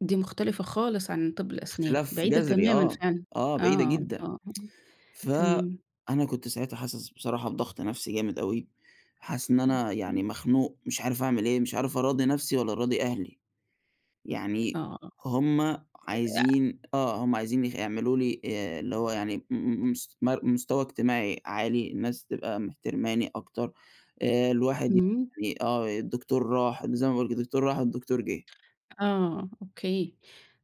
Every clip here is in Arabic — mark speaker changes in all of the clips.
Speaker 1: دي مختلِفة خالص عن طِب الأسنان،
Speaker 2: اختلاف
Speaker 1: بعيدة
Speaker 2: جذري،
Speaker 1: تمامًا
Speaker 2: آه،
Speaker 1: فعلًا.
Speaker 2: آه بعيدة
Speaker 1: آه.
Speaker 2: جدًا.
Speaker 1: آه. آه. تمام.
Speaker 2: فأنا كنت ساعتها حاسس بصراحة بضغط نفسي جامد أوي، وحاسس إن أنا
Speaker 1: أوكي.
Speaker 2: يعني مخنوق، مش عارِف أعمل إيه، مش عارِف أراضِي نفسي، والّا أراضِي أهلي. يعني
Speaker 1: آه،
Speaker 2: هُم
Speaker 1: آه.
Speaker 2: عايزين آه هُم عايزين ي يعمَلوا لي آآ، اللي هو يعني م م مس مر مستوى اجتماعي عالي، الناس تبقى محترَماني أكتَر، آآ، الواحد
Speaker 1: امم.
Speaker 2: يعني آه، الدكتور راح زي ما بيقولوا كده، الدكتور راح الدكتور جه.
Speaker 1: آه أوكي،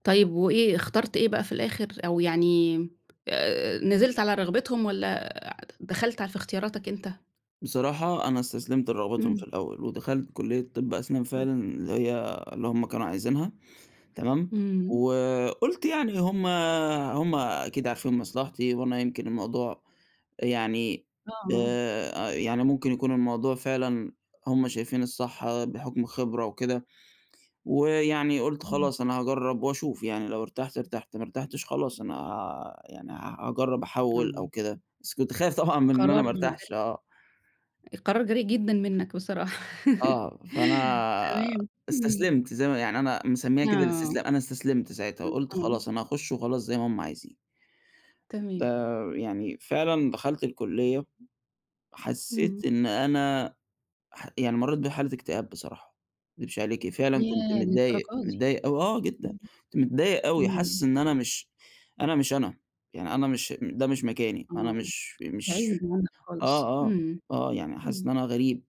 Speaker 1: طيب وإيه، اخترت إيه بقى في الآخِر؟ أو يعني آآ نزلت على رغبتهُم، والّا آآ دخَلت ع في اختياراتك أنتَ؟
Speaker 2: بصراحة أنا استسلَمت لرغبتهم
Speaker 1: امم.
Speaker 2: في الأوَّل، ودخَلت كلية طِب أسنان
Speaker 1: آه.
Speaker 2: فعلًا، اللي هي اللي هُم كانوا عايزينها، تمام؟
Speaker 1: إمم.
Speaker 2: وقُلت يعني هُم هُم أكيد عارفين مصلَحتي، وأنا يمكن الموضوع يعني
Speaker 1: آه.
Speaker 2: آآ، يعني ممكن يكون الموضوع فعلًا هُم شايفين الصح بحُكم الخِبرة وكده، ويعني قُلت
Speaker 1: إمم.
Speaker 2: خلاص أنا هاجرِّب وأشوف يعني، لو ارتَحت ارتَحت، ما ارتَحتش خلاص أنا آآ، يعني ها هاجرِّب أحوِّل أو
Speaker 1: آه.
Speaker 2: كده، بس كنت خايِف طبعًا من إن أنا
Speaker 1: قرار
Speaker 2: ما أرتاحش
Speaker 1: مبدأي.
Speaker 2: آه.
Speaker 1: القرار جريء جدًا منَّك بصراحة.
Speaker 2: آه، فأنا
Speaker 1: تمام، إمم.
Speaker 2: استسلَمت، زي ما يعني أنا مسمِّيها كده
Speaker 1: آه.
Speaker 2: الاستسلام أنا استسلَمت ساعتها، وقُلت خلاص أنا
Speaker 1: [unintelligible]
Speaker 2: هاخُش وخلاص زي ما هُم عايزين. ده
Speaker 1: تمام.
Speaker 2: يعني فعلًا دخَلت الكلية، حسِّيت
Speaker 1: إمم.
Speaker 2: إن أنا ح يعني مرِّيت بحالة اكتئاب بصراحة، ما أكدِبش عليكِ، فعلًا كنت
Speaker 1: ياه،
Speaker 2: متضايِق،
Speaker 1: للدرجة دي!
Speaker 2: متضايِق أوي آه جدًا،
Speaker 1: امم.
Speaker 2: كنت متضايِق أوي،
Speaker 1: إمم.
Speaker 2: حاسِس إن أنا مش أنا مش أنا، يعني أنا مش ده مش مكاني، أنا
Speaker 1: آه.
Speaker 2: مش
Speaker 1: [unintelligible]
Speaker 2: مش
Speaker 1: دماغك
Speaker 2: آه،
Speaker 1: خالص.
Speaker 2: آه،
Speaker 1: إمم.
Speaker 2: آه، يعني حاسس إن
Speaker 1: إمم.
Speaker 2: أنا غريب.